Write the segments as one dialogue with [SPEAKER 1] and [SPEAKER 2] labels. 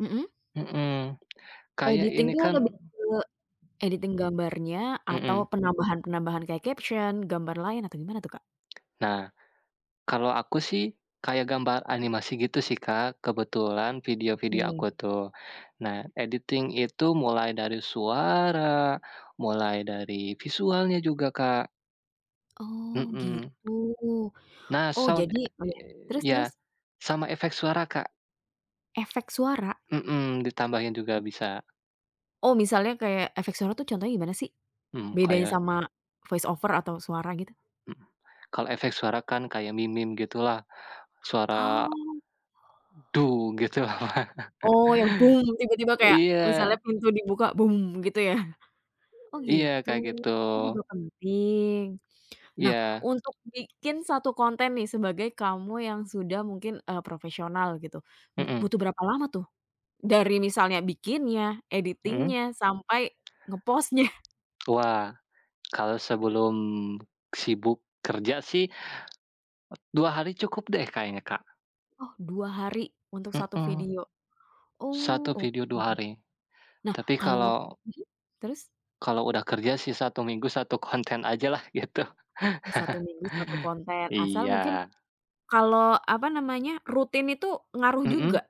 [SPEAKER 1] Mhm?
[SPEAKER 2] Mhm. Kayak
[SPEAKER 1] Editing
[SPEAKER 2] ini
[SPEAKER 1] tuh
[SPEAKER 2] kan
[SPEAKER 1] lebih ke editing gambarnya atau
[SPEAKER 2] Mhm.
[SPEAKER 1] penambahan-penambahan kayak caption, gambar lain atau gimana tuh, Kak?
[SPEAKER 2] Nah, kalau aku sih kayak gambar animasi gitu sih Kak, kebetulan video-video
[SPEAKER 1] Oke.
[SPEAKER 2] aku tuh. Nah, editing itu mulai dari suara, mulai dari visualnya juga, Kak.
[SPEAKER 1] Oh
[SPEAKER 2] Mhm.
[SPEAKER 1] gitu.
[SPEAKER 2] Nah,
[SPEAKER 1] Oh
[SPEAKER 2] sound
[SPEAKER 1] jadi
[SPEAKER 2] e
[SPEAKER 1] oh iya. Terus
[SPEAKER 2] iy iya.
[SPEAKER 1] terus?
[SPEAKER 2] Sama efek suara, Kak.
[SPEAKER 1] Efek suara?
[SPEAKER 2] Mhm. Ditambahin juga bisa.
[SPEAKER 1] Oh, misalnya kayak efek suara tuh contohnya gimana sih?
[SPEAKER 2] Mhm,
[SPEAKER 1] Bedanya
[SPEAKER 2] kayak
[SPEAKER 1] sama voice over atau suara, gitu?
[SPEAKER 2] Hmm. Kalau efek suara kan kayak meme gitulah. Suara
[SPEAKER 1] Oh.
[SPEAKER 2] gitu lah.
[SPEAKER 1] Oh, yang tiba-tiba
[SPEAKER 2] Oh
[SPEAKER 1] kayak, misalnya
[SPEAKER 2] iya.
[SPEAKER 1] pintu dibuka gitu ya? Oh
[SPEAKER 2] E iya
[SPEAKER 1] gitu,
[SPEAKER 2] kayak gitu.
[SPEAKER 1] itu juga penting. Nah,
[SPEAKER 2] Iya.
[SPEAKER 1] untuk bikin 1 konten nih sebagai kamu yang sudah mungkin, eee, profesional gitu, bu
[SPEAKER 2] Mhm.
[SPEAKER 1] butuh berapa lama tuh? Dari misalnya bikinnya,
[SPEAKER 2] Mhm?
[SPEAKER 1] editing-nya, sampai nge-post-nya.
[SPEAKER 2] Wah, kalau sebelum sibuk kerja sih, 2 hari cukup deh kayaknya Kak.
[SPEAKER 1] Oh, 2 hari untuk 1
[SPEAKER 2] Mhm.
[SPEAKER 1] video. Oh,
[SPEAKER 2] 1 video
[SPEAKER 1] oke.
[SPEAKER 2] 2 hari.
[SPEAKER 1] Nah,
[SPEAKER 2] Tapi
[SPEAKER 1] kalau nge
[SPEAKER 2] kalau
[SPEAKER 1] mhm? Terus?
[SPEAKER 2] Kalau udah kerja sih 1 minggu 1 konten ajalah gitu.
[SPEAKER 1] Oh 1 minggu, 1 konten. Asal mungkin,
[SPEAKER 2] Iya.
[SPEAKER 1] kalau apa namanya, rutin itu ngaruh
[SPEAKER 2] Mhm?
[SPEAKER 1] juga?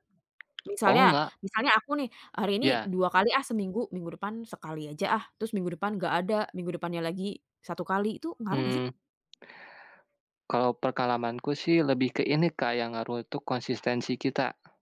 [SPEAKER 1] Misalnya
[SPEAKER 2] Oh enggak.
[SPEAKER 1] misalnya aku nih, "Hari ini
[SPEAKER 2] Iya.
[SPEAKER 1] 2 kali ah seminggu, minggu depan sekali aja ah," terus minggu depan nggak ada, minggu depannya lagi 1 kali, itu ngaruh nggak sih?
[SPEAKER 2] Mmm. Kalau pengalamanku sih lebih ke ini Kak, yang ngaruh itu konsistensi kita.